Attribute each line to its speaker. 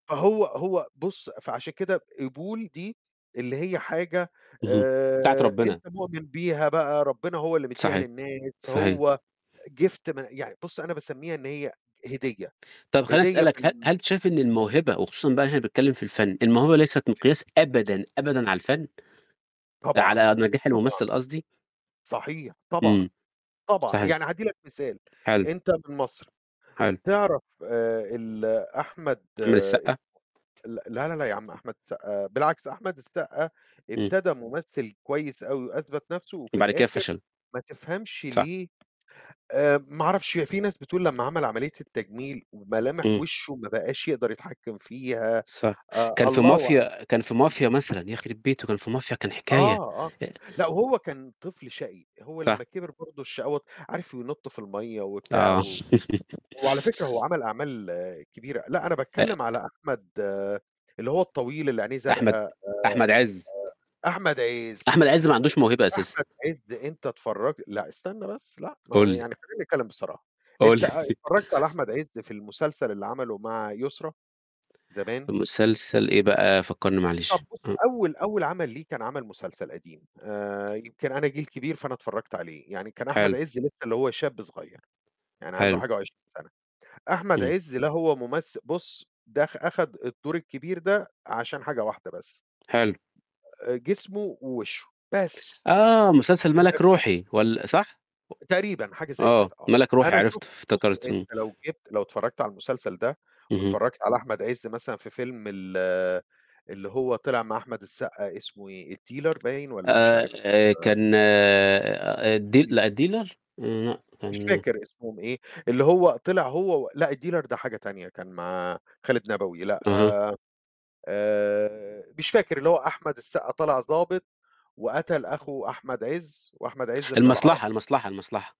Speaker 1: فهو هو بُص، فعشان كده قبول دي اللي هي حاجة
Speaker 2: اهم. بتاعة
Speaker 1: آآ، أنت
Speaker 2: ربنا.
Speaker 1: مؤمن بيها بقى، ربنا هو اللي مدّيها
Speaker 2: صحيح.
Speaker 1: للناس،
Speaker 2: صحيح.
Speaker 1: هو gift من يعني بُص، أنا باسمّيها إن هي هدية،
Speaker 2: طَب خلّيني
Speaker 1: هدية
Speaker 2: أسألك ه
Speaker 1: من
Speaker 2: هل أنت شايف إن الموهبة وخصوصًا بقى هنا باتكلم في الفن، الموهبة ليست
Speaker 1: تمام.
Speaker 2: مقياس أبدًا، أبدًا على الفن؟
Speaker 1: طبعًا،
Speaker 2: على نجاح
Speaker 1: طبعًا.
Speaker 2: الممثل قصدي؟
Speaker 1: صحيح، طبعًا،
Speaker 2: إمم.
Speaker 1: طبعًا.
Speaker 2: صحيح.
Speaker 1: يعني هادّي لك مثال،
Speaker 2: حلو.
Speaker 1: أنت من مَصر،
Speaker 2: حلو.
Speaker 1: تعرَف آآ، ال أحمد
Speaker 2: أحمد السقا؟
Speaker 1: اسمه ل لا، لا، لا، يا عم أحمد السقا بالعكس، أحمد السقا
Speaker 2: إمم.
Speaker 1: ابتدى ممثل كويس أوي وأثبت نفْسه وفي
Speaker 2: وبعد كده
Speaker 1: الآخر
Speaker 2: فَشَل.
Speaker 1: ما تفهمش
Speaker 2: صح.
Speaker 1: ليه آآ، ما أعرفش، هي فيه ناس بتقول لمّا عَمَل عملية التجميل وملامح
Speaker 2: إمم.
Speaker 1: وشه ما بقاش يقدَر يتحكم فيها،
Speaker 2: صح.
Speaker 1: أ
Speaker 2: كان في
Speaker 1: الله أع
Speaker 2: مافيا كان في مافيا
Speaker 1: اهم.
Speaker 2: مثلًا يخربيت بيته، كان في مافيا كان حكاية،
Speaker 1: آه، آه.
Speaker 2: ي
Speaker 1: لأ وهو كان طفل شقي، هو لمّا
Speaker 2: صح.
Speaker 1: كِبِر برضو الشقاوة عارف ينط في المَيِّة وبتاع
Speaker 2: آه.
Speaker 1: و هو على فكرة هو عَمَل أعمال كبيرة. لأ، أنا
Speaker 2: أ
Speaker 1: باتكلم على أحمد اللي هو الطويل اللي عينيه زرقا
Speaker 2: أحمد
Speaker 1: آآ،
Speaker 2: أحمد عز.
Speaker 1: آآ، أحمد عز.
Speaker 2: أحمد عز ما عندوش موهبة
Speaker 1: طيب،
Speaker 2: أساسًا.
Speaker 1: أحمد عز أنت اتفرج لأ، استنى بس لأ، ما
Speaker 2: قُل لي.
Speaker 1: يعني خلَيني أتكلم بصراحة،
Speaker 2: قُل
Speaker 1: أنت
Speaker 2: لي.ِ
Speaker 1: اتفرجت على أحمد عز في المسلسل اللي عمله مع يسرى زمان؟
Speaker 2: مسلسل إيه بقى؟ فكرني
Speaker 1: طَب
Speaker 2: معلش.
Speaker 1: بُص،
Speaker 2: آه.
Speaker 1: أول أول عَمَل ليه كان عَمَل مسلسل قديم، آآ، يمكن أنا جيل كبير فأنا اتفرجت عليه. يعني كان أحمد
Speaker 2: حلو.
Speaker 1: عز لسه اللي هو شاب صغير، يعني عنده
Speaker 2: حلو.
Speaker 1: حاجة و20 سَنة، أحمد
Speaker 2: إمم.
Speaker 1: عز لا هو ممث بُص، دخ أخد الدور الكبير ده عشان حاجة واحدة بس.
Speaker 2: حلو.
Speaker 1: جسمه ووشه، بس
Speaker 2: آه، مسلسل مَلَك
Speaker 1: [unintelligible]
Speaker 2: رُوحي وال صح؟
Speaker 1: تقريبًا، حاجة
Speaker 2: و
Speaker 1: زي كده
Speaker 2: آه،
Speaker 1: آه.
Speaker 2: مَلَك روحي،
Speaker 1: أنا شُفت
Speaker 2: عرفته
Speaker 1: بُص،
Speaker 2: افتكرته،
Speaker 1: أنت
Speaker 2: إمم.
Speaker 1: لو جِبت لو اتفرجت على المسلسل ده
Speaker 2: اهم.
Speaker 1: واتفرجت على أحمد عز مثلًا في فيلم ال اللي هو طِلِع مع أحمد السقا، اسمه إيه؟ الديلر باين والّا مش عارف
Speaker 2: آآ
Speaker 1: آآ
Speaker 2: كان الد
Speaker 1: اهم.
Speaker 2: لأ الديلر، لأ
Speaker 1: مش
Speaker 2: كان
Speaker 1: فاكر اسمهم إيه، اللي هو طِلِع هو و لأ، الديلر ده حاجة تانية كان مع خالد نبوي، لأ،
Speaker 2: أها.
Speaker 1: آآ، مش فاكر اللي هو أحمد السقا طالع ضابط وقتل أخو أحمد عز وأحمد عز من العرب.
Speaker 2: المصلحة، المصلحة، المصلحة.